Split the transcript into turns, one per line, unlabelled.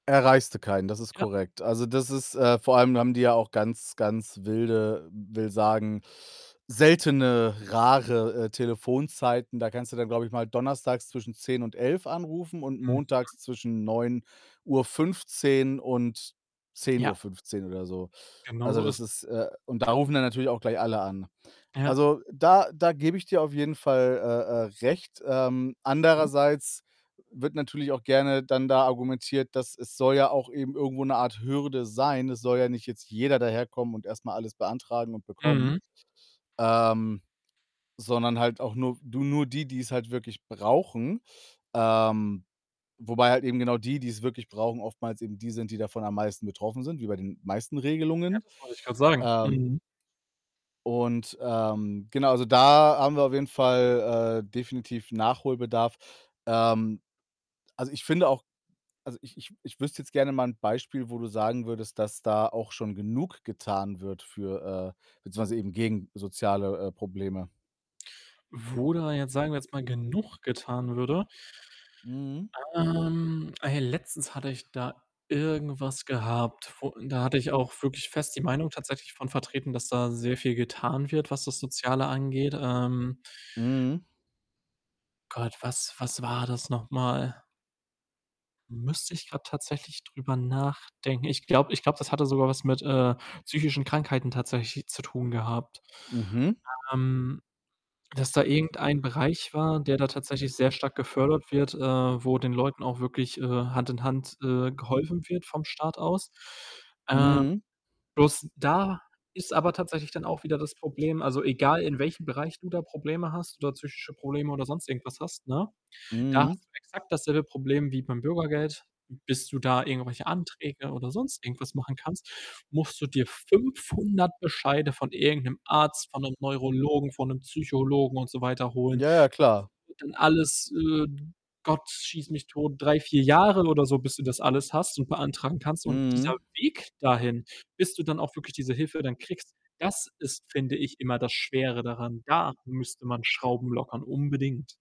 Erreichst du keinen, das ist
Ja.
korrekt. Also, das ist äh, vor allem haben die ja auch ganz, ganz wilde will sagen, seltene, rare, äh, Telefonzeiten. Da kannst du dann, glaube ich mal, Donnerstags zwischen 10:00 und 11:00 anrufen und
Mhm.
Montags zwischen 9:15 und zehn Uhr
Ja.
fünfzehn oder so.
Genau
Also,
so ist
das
es.
ist äh, und da rufen dann natürlich auch gleich alle an.
Ja.
Also, da da gebe ich dir auf jeden Fall, äh, äh, recht. Ähm,
Mhm.
andererseits wird natürlich auch gerne dann da argumentiert, dass es soll ja auch eben irgendwo 'ne Art Hürde sein. Es soll ja nicht jetzt jeder daherkommen und erst mal alles beantragen und bekommen,
Mhm.
ähm, sondern halt auch nur, du nur die, die's halt wirklich brauchen. Ähm, wobei halt eben genau die, die's wirklich brauchen, oftmals eben die sind, die davon am meisten betroffen sind, wie bei den meisten
Ja,
Regelungen.
das wollte ich gerade sagen.
Ähm
Mhm.
und, ähm, genau, also da haben wir auf jeden Fall, äh, definitiv Nachholbedarf. Ähm, also, ich finde auch also, ich ich ich wüsste jetzt gerne mal 'n Beispiel, wo du sagen würdest, dass da auch schon genug getan wird für äh, beziehungsweise eben gegen soziale, äh, Probleme?
Wo da jetzt, sagen wir jetzt mal, genug getan würde
Mhm.
Ähm, ey, letztens hatte ich da irgendwas gehabt, wo da hatte ich auch wirklich fest die Meinung tatsächlich von vertreten, dass da sehr viel getan wird, was das Soziale angeht. Ähm
Mhm.
Gott, was was war das nochmal? Müsste ich grad tatsächlich drüber nachdenken. Ich glaube ich glaube das hatte sogar was mit, äh, psychischen Krankheiten tatsächlich zu tun gehabt.
Mhm.
Ähm, dass da irgendein Bereich war, der da tatsächlich sehr stark gefördert wird, äh, wo den Leuten auch wirklich, äh, Hand in Hand, äh, geholfen wird vom Staat aus. Äh,
Mhm.
bloß da ist aber tatsächlich dann auch wieder das Problem also egal in welchem Bereich du da Probleme hast, oder psychische Probleme oder sonst irgendwas hast, ne, da
Mhm.
hast du exakt dasselbe Problem wie beim Bürgergeld. Bis du da irgendwelche Anträge oder sonst irgendwas machen kannst, musst du dir 500 Bescheide von irgend 'nem Arzt, von 'nem Neurologen, von 'nem Psychologen und so weiter holen.
Ja,
Das
ja, klar.
wird dann alles, äh, Gott schieß mich tot, 3, 4 Jahre oder so, bis du das alles hast und beantragen kannst und dieser
Mhm.
Weg dahin, bis du dann auch wirklich diese Hilfe dann kriegst, das ist, finde ich, immer das Schwere daran. Da müsste man Schrauben lockern, unbedingt.